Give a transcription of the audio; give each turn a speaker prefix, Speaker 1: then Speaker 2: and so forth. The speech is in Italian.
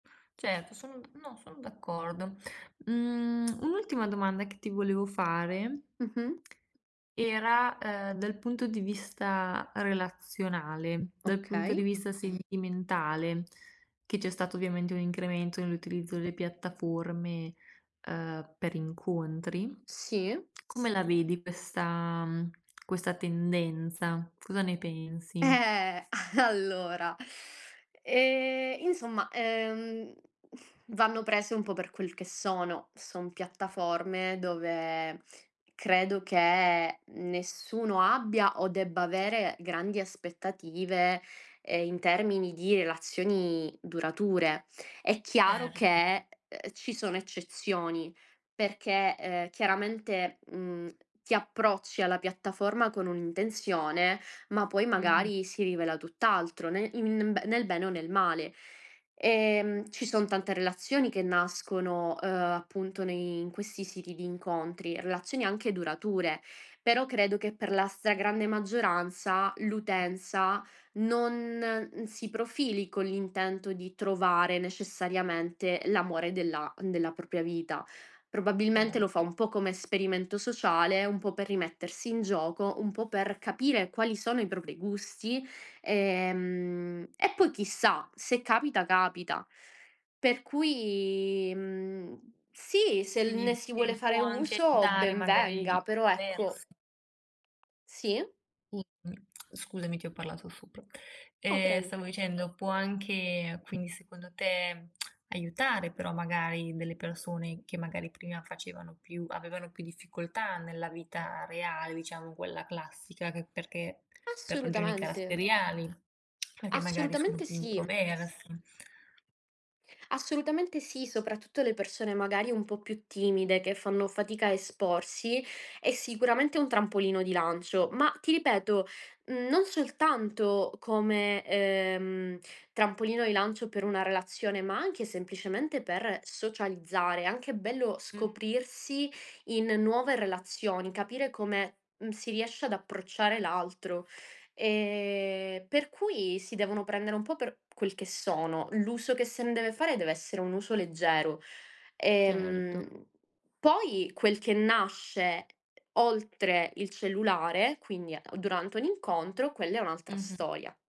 Speaker 1: Certo, sono no, sono d'accordo. Mhmm, un'ultima domanda che ti volevo fare
Speaker 2: Mh-mh.
Speaker 1: era, uhm, dal punto di vista relazionale, dal punto di
Speaker 2: Okay.
Speaker 1: vista sentimentale, che c'è stato ovviamente un incremento nell'utilizzo delle piattaforme, uhm, per incontri.
Speaker 2: Sì.
Speaker 1: Come la vedi questa, mhmm, questa tendenza? Cosa ne pensi?
Speaker 2: Eh, allora. Ehm, insomma, ehm, vanno prese un po' per quel che sono. Sono piattaforme dove credo che nessuno abbia, o debba avere, grandi aspettative, ehm, in termini di relazioni durature. È chiaro
Speaker 1: Certo.
Speaker 2: che ci sono eccezioni perché, eh, chiaramente, mhmm, ti approcci alla piattaforma con un'intenzione, ma poi
Speaker 1: Mh-mh.
Speaker 2: magari si rivela tutt'altro nel in in b nel bene o nel male. Ehm, ci son tante relazioni che nascono, uhm, appunto nei in questi siti di incontri, relazioni anche durature. Però credo che per la stragrande maggioranza
Speaker 1: [unintelligible]
Speaker 2: l'utenza non si profili con l'intento di trovare necessariamente l'amore della della propria vita. Probabilmente lo fa
Speaker 1: Cert
Speaker 2: un po' come esperimento sociale, un po' per rimettersi in gioco, un po' per capire quali sono i propri gusti, ehm, e poi chissà, se capita, capita. Per cui, mhmm, sì, se l
Speaker 1: Quindi
Speaker 2: ne si vuole
Speaker 1: ci può
Speaker 2: fare
Speaker 1: anche
Speaker 2: uso
Speaker 1: aiutare
Speaker 2: ben
Speaker 1: magari
Speaker 2: venga, però ecco
Speaker 1: divers
Speaker 2: Sì.
Speaker 1: Scusami ti ho parlato sopra.
Speaker 2: No
Speaker 1: Ehm,
Speaker 2: preg
Speaker 1: stavo dicendo, può anche quindi, secondo te, aiutare però magari delle persone che magari prima facevano più avevano più difficoltà nella vita reale, diciamo quella classica, che perché per ragioni
Speaker 2: Assolutamente!
Speaker 1: caratteriali, perché magari sono
Speaker 2: Assolutamente
Speaker 1: più
Speaker 2: sì.
Speaker 1: introvers
Speaker 2: Assolutamente sì. Soprattutto le persone magari un po' più timide che fanno fatica a esporsi. È sicuramente un trampolino di lancio. Ma, ti ripeto, non soltanto come, ehm, trampolino di lancio per una relazione, ma anche semplicemente per socializzare. È anche bello
Speaker 1: Mh.
Speaker 2: scoprirsi in nuove relazioni, capire come m si riesce ad approcciare l'altro. Ehm, per cui si devono prendere un po' per quel che sono. L'uso che se ne deve fare deve essere un uso leggero.
Speaker 1: Certo.
Speaker 2: Ehm, poi quel che nasce, oltre il cellulare, quindi durante un incontro, quella è un'altra
Speaker 1: Mh-mh.
Speaker 2: storia.